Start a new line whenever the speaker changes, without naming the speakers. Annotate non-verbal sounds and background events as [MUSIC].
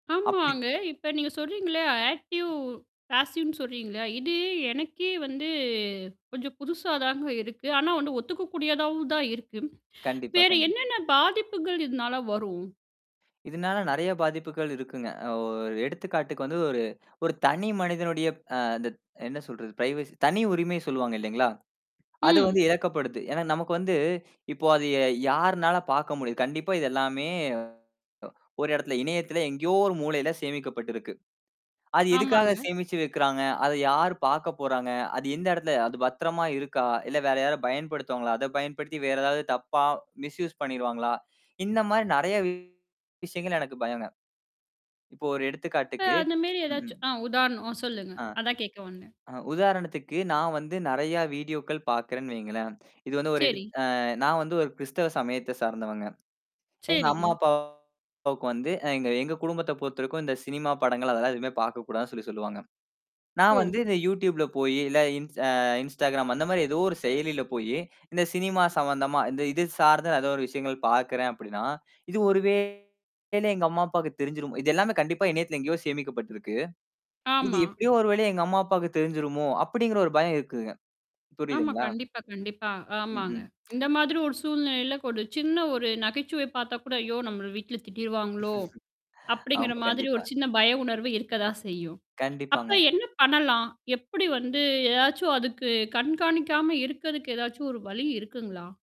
அப்பிடி
ஆமாங்க. இப்ப நீங்க சொல்றீங்கல்ல! ஆக்டிவ், ஃபேசீவ்ன்னு சொல்றீங்கல்ல. இது எனக்கே வந்து கொஞ்சம் புதுசாதாங்க இருக்கு. ஆனா ஒண்ணு, ஒத்துக்க கூடியதாவும்தான் இருக்கு.
கண்டிப்பா,
வேற
கண்டிப்
என்னென்ன பாதிப்புகள் இதனால வரும்?
இதனால நிறைய பாதிப்புகள் இருக்குங்க. ஓ எடுத்துக்காட்டுக்கு வந்து ஒரு ஒரு தனி மனிதனுடைய அ அந்த என்ன சொல்றது? பிரைவசி தனி உரிமை சொல்லுவாங்க, இல்லீங்களா? அது வந்து
ம்.
இழக்கப்படுது. ஏன்னா, நமக்கு வந்து, இப்போ அது ய யாருனால பார்க்க முடியும்? கண்டிப்பா. இது எல்லாமே ஒ ஒரு இடத்துல இணையத்துல எங்கேயோ ஒரு மூலையில சேமிக்கப்பட்டு இருக்கு. அது
ஆமாங்க.
எதுக்காகச் சேமிச்சு வைக்கிறாங்க? அத யாரு பார்க்கப்போறாங்க? அது எந்த இடத்துல அது பத்திரமா இருக்கா? இல்ல, வேற யாராவது பயன்படுத்துவாங்களா? அதப் பயன்படுத்தி வேற ஏதாவது தப்பா மிஸ்யூஸ் பண்ணிருவாங்களா? இந்தமாரி நிறைய விஷயங்கள் எனக்குப் பயம்ங்க. இப்போ ஒரு
இப்ப
எடுத்துக்காட்டுக்கு
அந்தமாரி
ம், ம்.
எதாச்சும் அ உதாரணம் அ சொல்லுங்க.
ஆ.
அதான் கேக்க வந்தேன்.
அ உதாரணத்துக்கு நான் வந்து நிறையா வீடியோக்கள் பார்க்கிறேன் வைங்களேன்! இது வந்து ஒரு எடுத்
சரி.
ஆ, நான் வந்து ஒரு கிறிஸ்தவ சமயத்தைச் சார்ந்தவங்க. எங்க அம்மா,
சரிங்க.
அப்பாவுக்கு வந்து எங்க எங்க குடும்பத்தப் பொறுத்தவரைக்கும், இந்தச் சினிமா படங்கள் அதெல்லாம் எதுவுமே பார்க்கக் கூடாதுன்னு சொல்லிச் சொல்லுவாங்க. நான் வந்து
ஓ!
இந்த YouTubeல போயி, இல்ல, இன் அ Instagram அந்தமாரி எதோ ஒரு செயலில போயி, இந்த சினிமா சம்பந்தமா, இந்த இது சார்ந்து நான் எதோ ஒரு விஷயங்கள் பார்க்கிறேன் அப்பிடின்னா, இது ஒருவேளை எங்க அம்மா, அப்பாவுக்குத் தெரிஞ்சுருமோ இது எல்லாமே கண்டிப்பா இணையத்தில எங்கேயோ சேமிக்கப்பட்டிருக்கு. இது
ஆமா.
எப்பிடியோ ஒருவழியா, எங்க அம்மா, அப்பாவுக்கு தெரிஞ்சுருமோ! அப்பிடிங்கிற ஒரு பயம் இருக்குங்க.
ஆமா.
புரியுதுங்களா?
கண்டிப்பா, கண்டிப்பா.
ம்,
ஆமாங்க.
ம்.
இந்த மாதிரி ஒரு சூழ்நிலையில ஒரு சின்ன ஒரு நகைச்சுவை பாத்த கூட, "ஐயோ! நம்மள வீட்டுல திட்டிருவாங்களோ!"
[CHUCKLES]
அப்பிடிங்கிற
ஆமா,
மாதிரி
கண்டிப்பா.
ஒரு சின்ன பய உணர்வு இருக்கதான் செய்யும். அப்ப
கண்டிப்பாங்க.
என்ன பண்ணலாம்? எப்பிடி வந்து எதாச்சும் அதுக்கு கண்காணிக்காம இருக்குறதுக்கு, எதாச்சும் ஒரு வழி இருக்குங்களா?